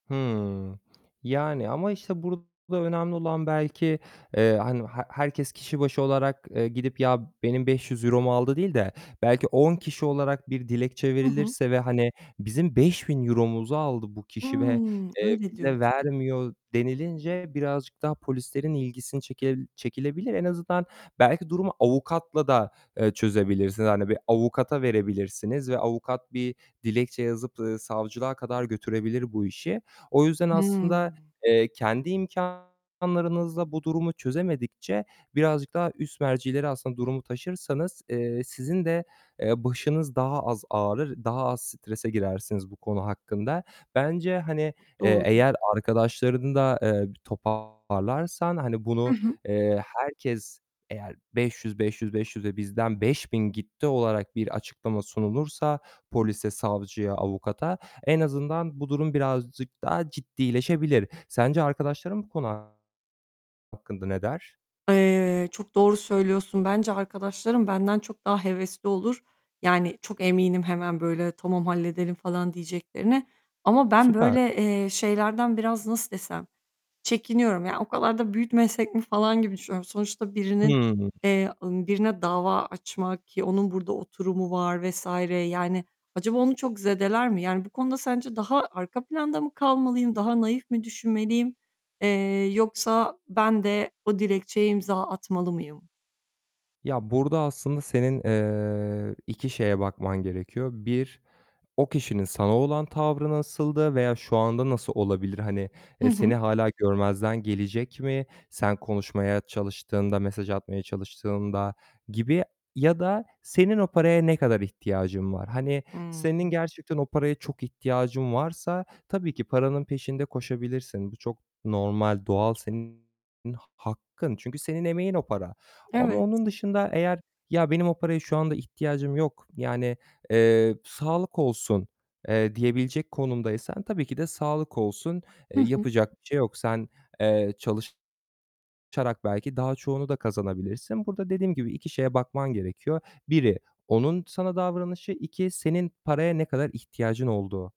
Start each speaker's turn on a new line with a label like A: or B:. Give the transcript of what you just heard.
A: Hımm. Yani ama, işte, burada önemli olan belki, eee, hani he herkes kişi başı olarak, ııı, gidip "Ya, benim €500'mu aldı." değil de belki 10 kişi olarak bir dilekçe
B: Hı hı.
A: verilirse ve hani "Bizim €5000'muzu aldı bu kişi ve,
B: Hımm,
A: eee,
B: öyle
A: bize
B: diyorsun.
A: vermiyor." denilince birazcık daha polislerin ilgisini çekel çekilebilir. En azından belki durumu avukatla da, eee, çözebilirsiniz. Hani bir avukata verebilirsiniz ve avukat bir dilekçe yazıp, ııı, savcılığa kadar götürebilir bu işi. O yüzden aslında,
B: Hımm.
A: eee, kendi imkânlarınızla bu durumu çözemedikçe birazcık daha üst mercilere aslında durumu taşırsanız, eee, sizin de, eee, başınız daha az ağrır, daha az strese girersiniz bu konu hakkında. Bence hani, eee,
B: Doğru.
A: eğer arkadaşlarını da, eee, bir toparlarsan, hani,
B: Hı
A: bunu,
B: hı.
A: eee, herkes eğer 500, 500, 500 ve bizden 5.000 gitti olarak bir açıklama sunulursa polise, savcıya, avukata en azından bu durum birazcık daha ciddileşebilir. Sence arkadaşların bu konu hakkında ne der?
B: Eee, çok doğru söylüyorsun. Bence arkadaşlarım benden çok daha hevesli olur. Yani çok eminim hemen böyle "Tamam halledelim." falan diyeceklerine ama ben
A: Süper.
B: böyle, eee, şeylerden biraz nasıl desem, çekiniyorum. Yani o kadar da büyütmesek mi falan gibi düşünüyorum. Sonuçta birinin,
A: Hımm.
B: eee, ımm, birine dava açmak ki onun burada oturumu var vs. Yani acaba onu çok zedeler mi? Yani bu konuda sence daha arka planda mı kalmalıyım, daha naif mi düşünmeliyim, eee, yoksa ben de o dilekçeye imza atmalı mıyım?
A: Ya, burada aslında senin, eee, 2 şeye bakman gerekiyor. 1 o kişinin sana olan tavrı nasıldı veya şu anda nasıl olabilir? Hani,
B: Hı
A: eee, seni
B: hı.
A: hâlâ görmezden gelecek mi sen konuşmaya çalıştığında, mesaj atmaya çalıştığında gibi. Ya da senin o paraya ne kadar ihtiyacın var? Hani,
B: Hımm.
A: senin gerçekten o paraya çok ihtiyacın varsa tabii ki paranın peşinde koşabilirsin. Bu çok normal, doğal. Senin ha hakkın çünkü senin emeğin o para ama
B: Evet.
A: onun dışında eğer "Ya, benim o paraya şu anda ihtiyacım yok. Yani, eee, sağlık olsun." eee, diyebilecek konumdaysan tabii ki de sağlık olsun.
B: Hı
A: Eee,
B: hı.
A: yapacak bir şey yok. Sen, eee, çalışarak belki daha çoğunu da kazanabilirsin. Burada dediğim gibi 2 şeye bakman gerekiyor: Biri onun sana davranışı, 2 senin paraya ne kadar ihtiyacın olduğu.